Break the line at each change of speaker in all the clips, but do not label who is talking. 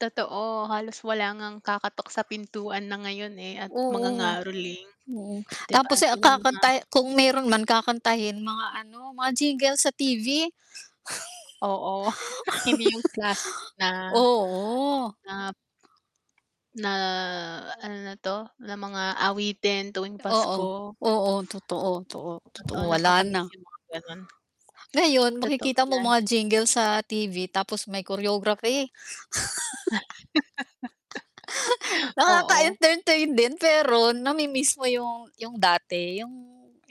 Totoo, halos wala ngang kakatok sa pintuan na ngayon, eh, at
Oo,
mangangaroling.
oo.
'Di ba
Tapos, eh, ang
'yon ang mga
kakanta, eh, kung mayro'n man, kakantahin mga ano, mga jingle sa TV.
Oo, hindi 'yong classic na,
Oo.
nap na ano 'to, na mga awitin tuwing
Oo,
Pasko.
oo. Totoo, totoo, totoo.
Totoo,
Wala na.
nakakamiss 'yong mga gano'n.
Ngayon
Totoo
makikita mo
'yan.
mga jingle sa TV tapos may choreography.
Oo.
Nakaka-entertain din, pero nami-miss mo 'yong 'yong dati, 'yong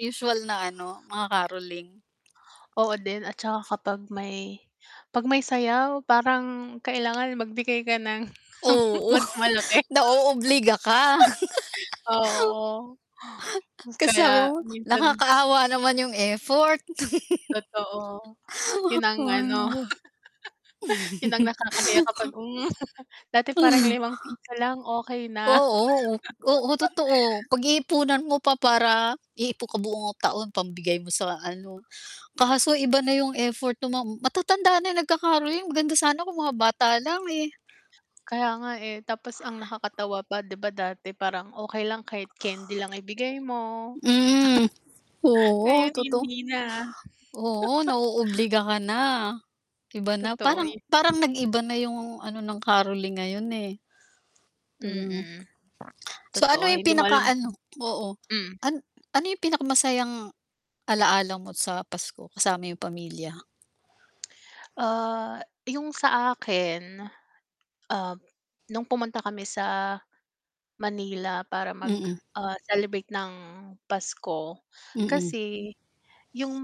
usual na ano, mga caroling.
Oo din at saka kapag may 'pag may sayaw parang kailangan magbigay ka ng
Oo,
mas malaki.
naoobliga ka.
Oo,
Kasi
kaya
sabi mo
minsan
nakakaawa naman 'yong effort.
Totoo, 'yong ang
Oh,
ano,
no.
'yon ang nakakahiya kapag, um, dati parang limang piso lang okey na.
Oo, o oo totoo. Pag-iipunan mo pa para iipon ka buong taon pambigay mo sa ano. Kaso iba na 'yong effort no'ng mga matatanda na 'yong nagka-caroling maganda sana kung mga bata lang, eh.
Kaya nga, eh, tapos ang nakakatawa pa, 'di ba dati parang okey lang kahit candy lang ibigay mo
Mm, oo,
ngayon
toto
hindi na.
oo, naoobliga ka na, iba na.
Totoo
Parang
ya
parang nag-iba na 'yong ano ng caroling ngayon, eh. True.
Mm,
So ano
totoo,
'yong
hindi mo
pinaka,
alam
ano
kung
oo
hmm.
an ano 'yong pinakamasayang alaalala mo sa Pasko kasama 'yong pamilya?
Ah, 'yong sa akin, ah, no'ng pumunta kami sa Manila para mag,
Mm.
ah, celebrate ng Pasko.
Mm.
Kasi 'yong,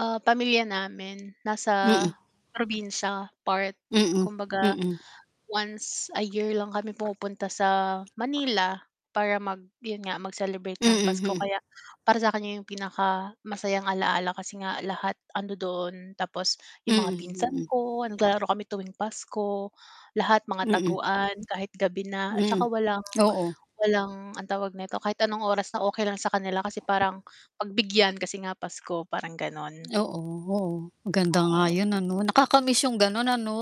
ah, pamilya namin nasa
Mm.
probinsiya part.
Mm,
Kumbaga
mm.
once a year lang kami pumupunta sa Manila para mag 'yon nga, mag-celebrate ng
Mm,
Pasko.
hmm.
Kaya para sa 'kin 'yong pinakamasayang alaala kasi nga lahat andodo'n. Tapos
Mm,
'yong mga pinsan
mm.
ko, naglalaro kami tuwing Pasko. Lahat mga
Mm.
taguan kahit gabi na at
Hmm,
saka walang
oo.
walang, anong tawag nito, kahit anong oras na okey lang sa kanila kasi parang pagbigyan kasi nga Pasko parang gano'n.
Oo, oo. Maganda nga
Oo.
'yon, ano, nakakamiss 'yong gano'n, ano?